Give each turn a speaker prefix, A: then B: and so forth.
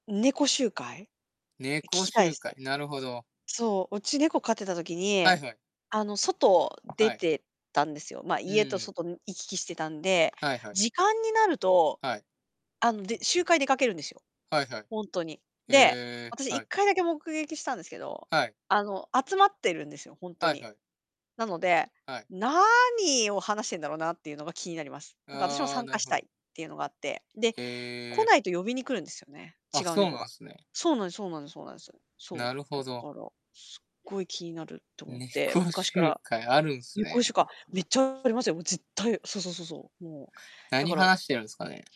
A: 猫集会？え、聞
B: 猫
A: きたいで
B: 集
A: す。
B: 会、なるほど。
A: そう、うち猫飼ってた時
B: は
A: に、
B: いはい。
A: あの、外出
B: はい。
A: てたんですよ。ま、
B: う
A: 家と
B: ん。
A: 外ん行き来してたんで、
B: はいはい。
A: 時間になると、
B: はい。
A: あの、で集会出かけるんですよ。
B: はいはい。
A: ほんとに。
B: へ
A: で、
B: え、
A: 私いっ
B: はい。
A: かいだけ目撃したんですけど、
B: はい。
A: あの、集まってるんですよ、ほんと
B: はい
A: に。
B: はい。
A: なので、
B: はい。
A: 何を話してんだろうなっていうのが気になります。なんか私も
B: ああ、
A: 参
B: な
A: 加
B: る
A: し
B: ほ
A: たい
B: ど。
A: っていうのがあって。で、来
B: へえ。
A: ないと呼びに来るんですよね、
B: あ、
A: 違う
B: そう
A: 猫
B: な
A: が。
B: んすね。
A: そうなんですそうなんですそうなんです。
B: な
A: そう、
B: るほ
A: だか
B: ど。
A: らすっごい気になるって思って、
B: 猫
A: 昔か
B: 集
A: ら。
B: 会あるんす
A: ねこしゅ
B: ね。
A: かめっちゃありますよ、もう絶対、そうそうそうそう。もう、だ
B: 何
A: から
B: 話してるんすかね。